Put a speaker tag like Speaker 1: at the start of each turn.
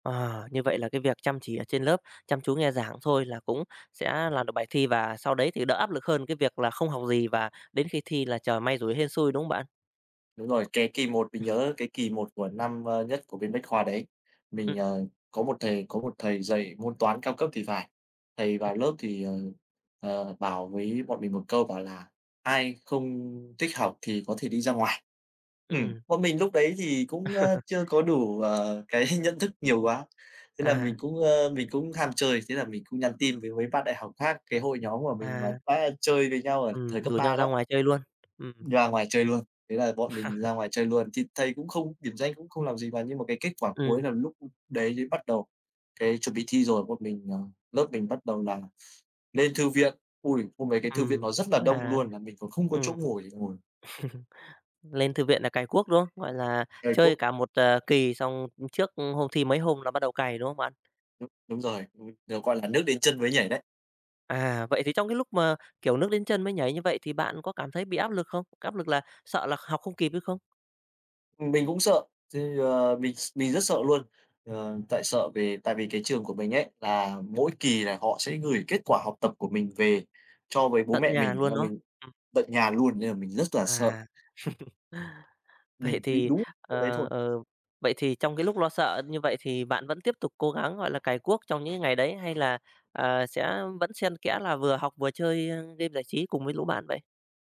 Speaker 1: Ờ, như vậy là cái việc chăm chỉ ở trên lớp, chăm chú nghe giảng thôi là cũng sẽ làm được bài thi, và sau đấy thì đỡ áp lực hơn cái việc là không học gì và đến khi thi là chờ may rủi hên xui, đúng không bạn?
Speaker 2: Đúng rồi, cái kỳ 1, mình nhớ cái kỳ 1 của năm, ơ, nhất của bên Bách Khoa đấy, mình,
Speaker 1: Ừm.
Speaker 2: ờ, có một thầy có một thầy dạy môn Toán cao cấp thì phải, thầy vào lớp thì, ờ, ờ, bảo với bọn mình một câu bảo là "Ai không thích học thì có thể đi ra ngoài". Ừm,
Speaker 1: Ừm.
Speaker 2: bọn mình lúc đấy thì cũng, ơ, chưa có đủ, ờ, cái nhận thức nhiều quá, thế là mình
Speaker 1: À.
Speaker 2: cũng, ơ, mình cũng ham chơi, thế là mình cũng nhắn tin với mấy bạn đại học khác, cái hội nhóm của mình mà
Speaker 1: À.
Speaker 2: đã chơi với nhau ở thời
Speaker 1: Ừm,
Speaker 2: cấp
Speaker 1: rủ nhau
Speaker 2: 3
Speaker 1: ra
Speaker 2: đó.
Speaker 1: ngoài chơi luôn, ừm.
Speaker 2: Đi ra ngoài chơi luôn, thế là bọn mình ra ngoài chơi luôn. Thì thầy cũng không điểm danh cũng không làm gì, và nhưng mà cái kết quả cuối
Speaker 1: Ừm.
Speaker 2: là lúc đấy mới bắt đầu cái chuẩn bị thi rồi, bọn mình, ờ lớp mình bắt đầu là lên thư viện. Ôi, hôm đấy cái thư viện
Speaker 1: Ừm,
Speaker 2: nó rất là đông
Speaker 1: à,
Speaker 2: luôn, mà mình còn không có chỗ
Speaker 1: ừm.
Speaker 2: ngồi để ngồi.
Speaker 1: Lên thư viện là cày cuốc, đúng không? Gọi là,
Speaker 2: Cày
Speaker 1: chơi
Speaker 2: cuốc.
Speaker 1: cả 1, à, kỳ xong trước hôm thi mấy hôm là bắt đầu cày, đúng không bạn?
Speaker 2: Đúng rồi, ừm, được gọi là nước đến chân mới nhảy đấy.
Speaker 1: À, vậy thì trong cái lúc mà, kiểu, nước đến chân mới nhảy như vậy, thì bạn có cảm thấy bị áp lực không? Cái áp lực là sợ là học không kịp hay không?
Speaker 2: Ừm, mình cũng sợ, thì, ờ, mình s mình rất sợ luôn. Ờ, tại sợ về tại vì cái trường của mình ấy, là mỗi kỳ là họ sẽ gửi kết quả học tập của mình về cho với bố
Speaker 1: Tận
Speaker 2: mẹ
Speaker 1: nhà
Speaker 2: mình,
Speaker 1: luôn,
Speaker 2: là
Speaker 1: đúng không?
Speaker 2: mình
Speaker 1: Ừm.
Speaker 2: tận nhà luôn, nên là mình rất là sợ.
Speaker 1: À. Vậy
Speaker 2: Mình bị
Speaker 1: thì,
Speaker 2: đú môn đấy
Speaker 1: ờ,
Speaker 2: thôi.
Speaker 1: ờ vậy thì trong cái lúc lo sợ như vậy thì bạn vẫn tiếp tục cố gắng, gọi là, cày cuốc trong những cái ngày đấy, hay là, ờ, sẽ vẫn xen kẽ là vừa học vừa chơi, ơ, game giải trí cùng với lũ bạn vậy?